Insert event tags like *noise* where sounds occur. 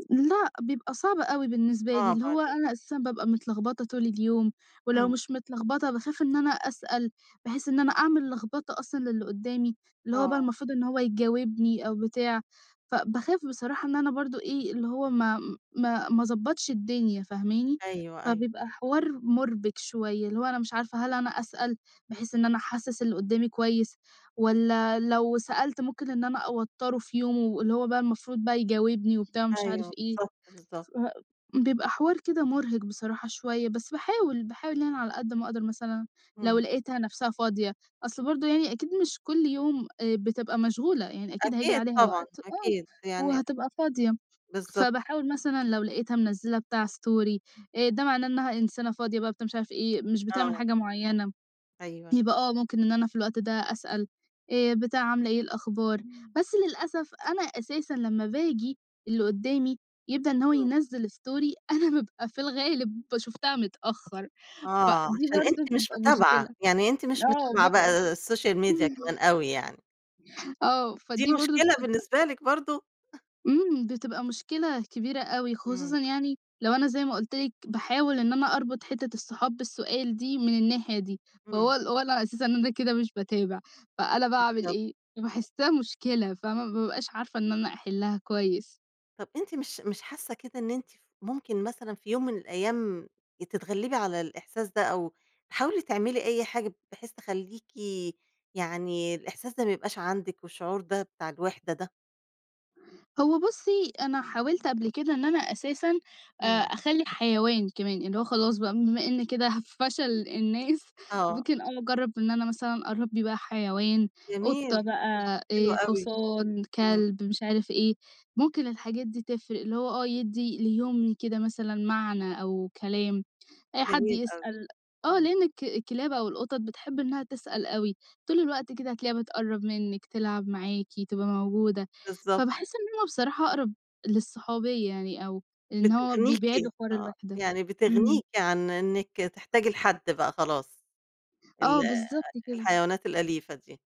آآ لأ، بيبقى صعب أوي بالنسبة لي، آه، اللي هو بعدين. أنا أساسًا بابقى متلغبطة طول اليوم، ولو إمم. مش متلغبطة، باخاف إن أنا أسأل بحيث إن أنا أعمل لغبطة أصلًا للي قدّامي، اللي هو بقى آه. المفروض إن هو يجاوبني أو بتاع، فباخاف بصراحة إن أنا برضه إيه، اللي هو ما ما ما اضبّطش الدنيا. فاهماني؟ أيوه، أيوه. فبيبقى حوار مُربِك شويّة، اللي هو أنا مش عارفة هل أنا أسأل، بحيث إن أنا أحسس اللي قدّامي كويّس؟ والّا لو سألت ممكن إن أنا أوتّره في يومه، واللي هو بقى المفروض بقى يجاوبني وبتاع ومش عارف أيوه، إيه، بالضبط، بالضبط. فبيبقى حوار كده مُرهِق بصراحة شويّة. بس باحاول، باحاول يعني على قد ما أقدَر مثلًا لو إمم. لقيتها نَفسها فاضية، أصل برضه يعني أكيد مش كل يوم، آآ بتبقى مشغولة، يعني أكيد هييجي أكيد عليها طبعًا، وقت آه أكيد يعني وهتبقى فاضية، بالضبط كده. فباحاول مثلًا لو لقيتها منزّلة بتاع story آآ، ده معناه إنّها إنسانة فاضية بقى، بتاع، مش عارف إيه، مش بتعمل آه. حاجة معيّنة، أيوَه. يبقى آه ممكن إن أنا في الوقت ده أسأل. آآ بتاع عاملة إيه، إيه الأخبار، بس للأسف أنا أساسًا لمّا باجي اللي قدّامي يبدأ إن هو إمم. ينزّل story أنا بابقى في الغالب ب شُفتها متأخر، آه، فدي عشان برضه أنتِ مش بتبقى متابعة، مشكلة. يعني أنتِ مش آه متابعة بابقى بقى السوشيال ميديا كمان *chuckles* أوي يعني. آه دي فدي برضه مشكلة بتبقى بالنسبة لِك برضو؟ *chuckles* إمم، بتبقى مشكلة كبيرة أوي، إمم. خصوصًا يعني لو أنا زي ما قُلت لِك، باحاول إن أنا أربُط حتّة الصحاب بالسؤال دي من الناحية دي، فهو إمم. ال هو اللي علي أساس إن أنا كده مش باتابع، فأنا باعمل بالضبط، إيه، آه. باحسها مشكلة. فاهمة؟ ما بابقاش عارفة إن أنا أحلّها كويس. طَب أنتِ مش مش حاسة كده إن أنتِ ف ممكن مثلًا في يوم من الأيام ي تتغلبي على الإحساس ده، أو تحاولي تعملي أي حاجة بحيث تخلّيكِ يعني الإحساس ده ما يبقاش عَندِك، والشعور ده بتاع الوِحدة ده. هو بُصّي، أنا حاوِلت قبل كده إن أنا أساسًا، آآ، إمم. أخلّي حيوان كمان، اللي هو خلاص بقى بما إن كده ه فشل الناس، آه. ممكن آه أجرّب إن أنا مثلًا أربّي بقى حيوان، قطة جميل، بقى، حلو آآ، أوي. حصان، إمم. كلب، مش عارف إيه، ممكن الحاجات دي تفرِق، اللي هو آه، يدّي ليومي كده مثلًا معنى أو كلام آآ، حد جميل أوي، يسأل آه إمم. لأن الك الكلاب أو القطط بتحب إنها تسأل أوي، طول الوقت كده هتلاقيها بتقرّب منِّك، تلعب معاكِ، تبقى موجودة، بالضبط. فباحس إن همَّ بصراحة أقرَب للصحوبية يعني أو إن هو بيبعدوا بتغنيكِ، حوار آه، الوِحدة. يعني إمم. بتغنيكِ عن إنِّك تحتاجي لحد بقى، خلاص ال آه، بالضبط كده. الحيوانات الأليفة دي.